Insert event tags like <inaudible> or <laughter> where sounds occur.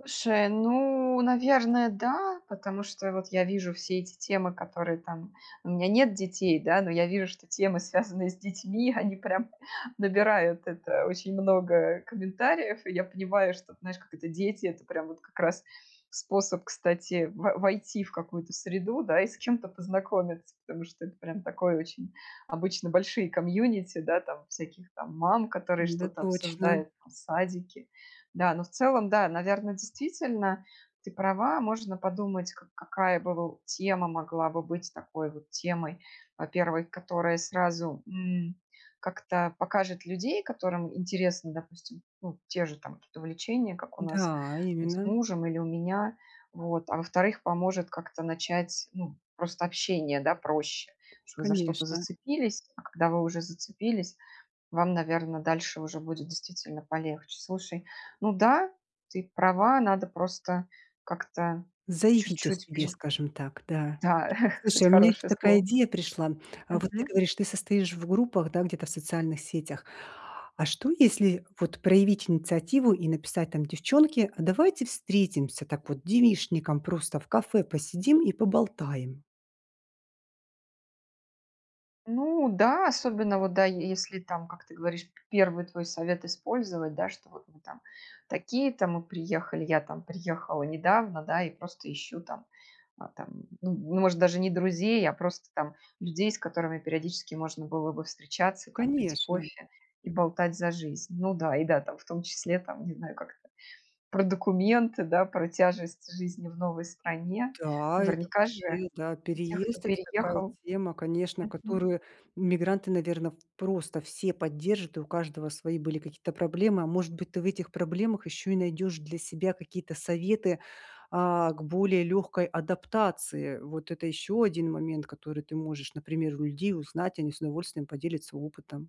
Слушай, ну, наверное, да, потому что и вот я вижу все эти темы, которые там у меня нет детей, да, но я вижу, что темы, связанные с детьми, они прям набирают это очень много комментариев, и я понимаю, что, знаешь, как это, дети- это прям вот как раз способ, кстати, во войти в какую-то среду, да, и с кем-то познакомиться. Потому что это прям такое очень обычно большие комьюнити, да, там всяких там мам, которые Н-да, что-то точно. обсуждают там, садики. Да, но в целом, да, наверно, действительно ты права, можно подумать, как какая бы, воу, тема могла бы быть такой вот темой. Во-первых, которая сразу, м, как-то покажет людей, которым интересно, допустим, ну, те же там какие-то увлечения, как у нас Да, там с именно. мужем или у меня, вот. А во-вторых, поможет как-то начать, ну, просто общение, да, проще, что вы за что-то Конечно. зацепились, а когда вы уже зацепились, вам, наверно, дальше уже будет действительно полегче. Слушай, ну да, ты права, надо просто как-то Заявить о чуть-чуть себе, пере скажем так, да. Да, <chuckles> кстати, Слушай, у меня ещё хорошее такая слово. идея пришла, м. А вот ты Мгм. говоришь, ты состоишь в группах, да, где-то в социальных сетях. А что, если вот проявить инициативу и написать там: "Девчонки, а давайте встретимся так вот девичником, просто в кафе посидим и поболтаем"? Ну да, особенно вот, да, е если там, как ты говоришь, п первый твой совет использовать, да, что вот мы там такие-то, мы приехали, я там приехала недавно, да, и просто ищу там, а там, ну, может, даже не друзей, а просто там людей, с которыми периодически можно было бы встречаться там, пить Конечно. кофе и болтать за жизнь. Ну да, и да, там, в том числе, там, не знаю, как-то про документы, да, про тяжесть жизни в новой стране. Да, это Наверняка же вообще, да, у тех, кто переезд. Это такая переехал тема, конечно, мгм. которую мигранты, наверно, в, просто все поддержат, и у каждого свои были какие-то проблемы. А может быть, ты в этих проблемах ещё и найдёшь для себя какие-то советы, а, к более лёгкой адаптации. Вот это ещё один момент, который ты можешь, например, у людей узнать. Они с удовольствием поделятся опытом.